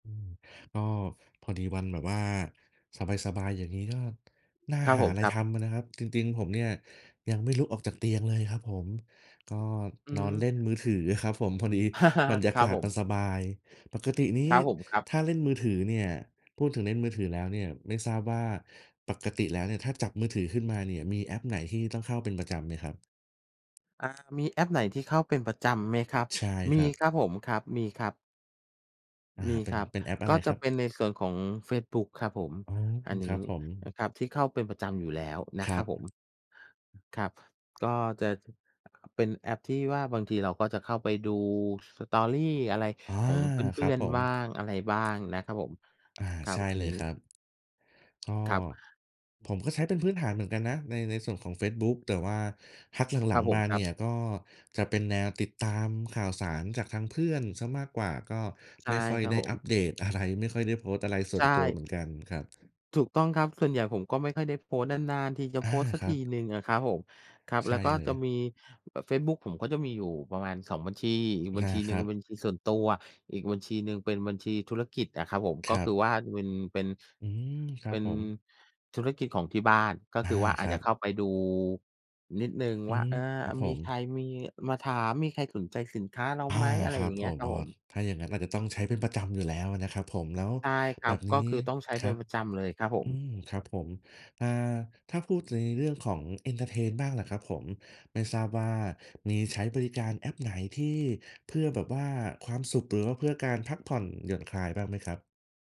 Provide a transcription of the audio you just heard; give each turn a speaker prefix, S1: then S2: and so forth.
S1: อืม ก็พอดีวันแบบว่าสบาย ๆ อย่างงี้ ก็น่า
S2: ครับ
S1: หา
S2: ผม
S1: อะไร
S2: ครั
S1: ท
S2: บ
S1: ำอะนะครับ จริง ๆ ผมเนี่ย ยังไม่ลุกออกจากเตียงเลยครับผม ก็
S2: อื
S1: นอนเ
S2: ม
S1: ล่นมือถือครับผมพอดีบรรยา
S2: คร
S1: ก
S2: ั
S1: า
S2: บ
S1: ศ
S2: ผ
S1: มัน
S2: ม
S1: สบาย ปกตินี้
S2: ครับผม ครับ
S1: ถ้าเล่นมือถือเนี่ย พูดถึงเล่นมือถือแล้วเนี่ย ไม่ทราบว่าปกติแล้วเนี่ย ถ้าจับมือถือขึ้นมาเนี่ย มีแอปไหนที่ต้องเข้าเป็นประจำไหมครับ?
S2: อ่า มีแอปไหนที่เข้าเป็นประจำไหม
S1: อื
S2: คร
S1: ม
S2: ับ?
S1: ใช่
S2: ม
S1: ค
S2: ี
S1: รับ
S2: ครับผม ครับ มีครับ
S1: อ่า
S2: มี
S1: เป็
S2: ค
S1: น
S2: รับ
S1: เป็นแอปอะ
S2: ก
S1: ไ
S2: ็
S1: ร
S2: จ
S1: ค
S2: ะ
S1: รับ?
S2: เป็นในส่วนของเฟซบุ๊กครับผม
S1: อ๋อ
S2: อันน
S1: คร
S2: ี
S1: ั
S2: ้
S1: บผ
S2: นะ
S1: ม
S2: ครับ ที่เข้าเป็นประจำอยู่แล้วนะ
S1: คร
S2: ค
S1: ั
S2: รับผ
S1: บ
S2: ม ครับ ก็จะ เป็นแอปที่ว่า บางทีเราก็จะเข้าไปดู Story อะไร
S1: อ๋อ
S2: ของเ
S1: ค
S2: พ
S1: ร
S2: ื
S1: ั
S2: ่
S1: บ
S2: อน
S1: ผ
S2: ๆ
S1: ม
S2: บ้าง อะไรบ้างนะครับผม
S1: อา
S2: ครั
S1: ใช
S2: บ
S1: ่
S2: อั
S1: เ
S2: น
S1: ล
S2: นี
S1: ย
S2: ้
S1: ครับ ก็
S2: ครับ
S1: ผมก็ใช้เป็นพื้นฐานเหมือนกันนะ ใน ในส่วนของเฟซบุ๊ก แต่ว่าพัก
S2: ค
S1: หล
S2: ร
S1: ั
S2: ับ
S1: ง
S2: ผ
S1: ๆ ม
S2: ม
S1: า
S2: ค
S1: เ
S2: ร
S1: น
S2: ั
S1: ี
S2: บ
S1: ่ย ก็จะเป็นแนวติดตามข่าวสาร จากทางเพื่อนเสียมากกว่า ก็
S2: ใช
S1: ไ
S2: ่
S1: ม่ค่อย
S2: ครับ
S1: ได้
S2: ผ
S1: อัป
S2: ม
S1: เดตอะไร ไม่ค่อยได้โพสต์อะไรส
S2: ใ
S1: ่
S2: ช
S1: วนตัว
S2: ่
S1: เหมือนกันครับ
S2: ถูกต้องครับ ส่วนใหญ่ผมก็ไม่ค่อยได้โพสต์ นาน ๆ ทีจะ
S1: อ
S2: โพ
S1: า
S2: สต์สัก
S1: คร
S2: ท
S1: ั
S2: ี
S1: บ
S2: หนึ่งอะครับผม ครับ
S1: ใช
S2: แล้ว
S1: ่
S2: ก็
S1: เล
S2: จ
S1: ย
S2: ะมีเฟซบุ๊กผมก็จะมีอยู่ประมาณ 2 บัญชี อีกบ
S1: อ
S2: ัญ
S1: า
S2: ชีหน
S1: ค
S2: ึ่
S1: ร
S2: ง
S1: ับ
S2: บัญชีส่วนตัว อีกบัญชีหนึ่ง เป็นบัญชีธุรกิจอะครับผม ก
S1: ค
S2: ็
S1: รั
S2: คือ
S1: บ
S2: ว่าเป็น เป็น
S1: อืม คร
S2: เป
S1: ับ
S2: ็น
S1: ผม
S2: ธุรกิจของที่บ้าน ก็
S1: อ
S2: ค
S1: า
S2: ือว่า อ
S1: ค
S2: าจ
S1: รั
S2: จะเข
S1: บ
S2: ้าไปดูนิดหนึ่ง
S1: อื
S2: ว่า
S1: ม
S2: เอ่อ
S1: ครับผ
S2: มีใค
S1: ม
S2: รมีมาถาม มีใครสนใจสินค้าเรา
S1: อา
S2: ไหม? อะไร
S1: คร
S2: อ
S1: ั
S2: ย่
S1: บ
S2: างเง
S1: ผ
S2: ี้ย
S1: ม
S2: ครั
S1: อ
S2: บ
S1: ้อ
S2: ผม
S1: ถ้าอย่างงั้น อาจจะต้องใช้เป็นประจำอยู่แล้วอะนะครับผม แล้ว
S2: ใช่ครั
S1: แบ
S2: บ
S1: บ
S2: ก
S1: นี
S2: ็
S1: ้
S2: คือต้องใช้
S1: ค
S2: เป
S1: ร
S2: ็
S1: ั
S2: น
S1: บ
S2: ประจำเลยครับผ
S1: อื
S2: ม
S1: ม ครับผม อ่า ถ้าพูดถึงในเรื่องของ เอนเทอร์เทน บ้างล่ะครับผม ไม่ทราบว่า มีใช้บริการแอปไหน? ที่เพื่อแบบว่าความสุข หรือว่าเพื่อการพักผ่อน หย่อนคลายบ้างไหมครับ?